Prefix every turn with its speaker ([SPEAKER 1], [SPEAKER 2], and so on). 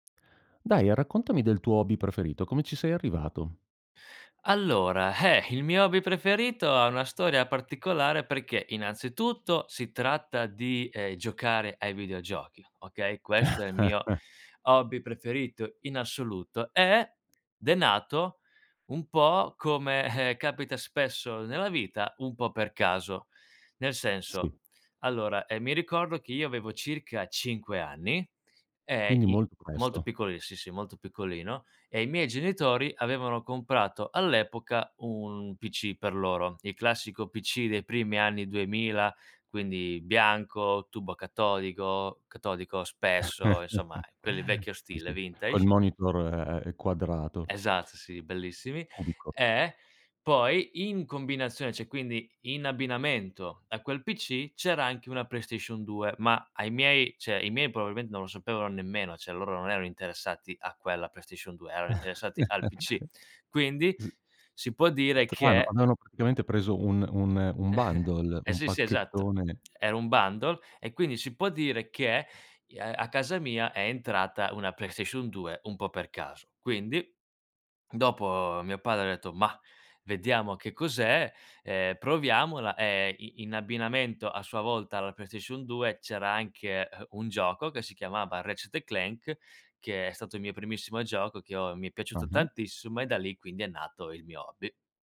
[SPEAKER 1] Dai, raccontami del tuo hobby preferito, come ci sei arrivato?
[SPEAKER 2] Allora, eh! Il mio hobby preferito, ha una storia particolare, perché innanzitutto, si tratta di, ehm, giocare ai videogiochi, okay, questo è il mio hobby preferito, in assoluto. Ed, è nato un po' come, eh, capita spesso nella vita, un po' per caso. Nel
[SPEAKER 1] Sì.
[SPEAKER 2] senso, allora, ehm, mi ricordo che io, avevo circa 5 anni, ehm,
[SPEAKER 1] Quindi,
[SPEAKER 2] i
[SPEAKER 1] molto
[SPEAKER 2] molto
[SPEAKER 1] presto.
[SPEAKER 2] piccoli sì, sì, molto piccolino e i miei genitori, avevano comprato all'epoca, un PC per loro. Il classico PC dei primi anni '2000. Quindi bianco, tubo catodico- catodico, spesso, insomma, quelli vecchio
[SPEAKER 1] Sì,
[SPEAKER 2] stile,
[SPEAKER 1] sì, col
[SPEAKER 2] vintage.
[SPEAKER 1] monitor, e e ehm, quadrato.
[SPEAKER 2] Esatto, sì, bellissimi.
[SPEAKER 1] Cubico.
[SPEAKER 2] Eh, poi, in combinazione cioè quindi, in abbinamento a quel PC c'era anche una PlayStation 2. Ma ai miei, cioè, i miei probabilmen non lo sapevano nemmeno. Cioè, loro non erano interessati a quella PlayStation 2 erano interessati al PC. Quindi,
[SPEAKER 1] s
[SPEAKER 2] si può dire
[SPEAKER 1] Strano,
[SPEAKER 2] che
[SPEAKER 1] avevano praticamente preso un un un bundle,
[SPEAKER 2] Eh,
[SPEAKER 1] un
[SPEAKER 2] sì, sì, esatto.
[SPEAKER 1] pacchettone
[SPEAKER 2] Era un bundle e quindi si può dire che ia a casa mia è entrata una PlayStation 2 un po' per caso. Quindi, dopo, mio padre ha detto: "Mah, vediamo che cos'è, ehm, proviamola"; ehm, i in abbinamento a sua volta alla PlayStation 2 c'era anche, ehm, un gioco che si chiamava Ratchet& Clank, che è stato il mio primissimo gioco, che ho mi è piaciuto
[SPEAKER 1] Ah-ah.
[SPEAKER 2] tantissimo e da lì, quindi, è nato il mio hobby.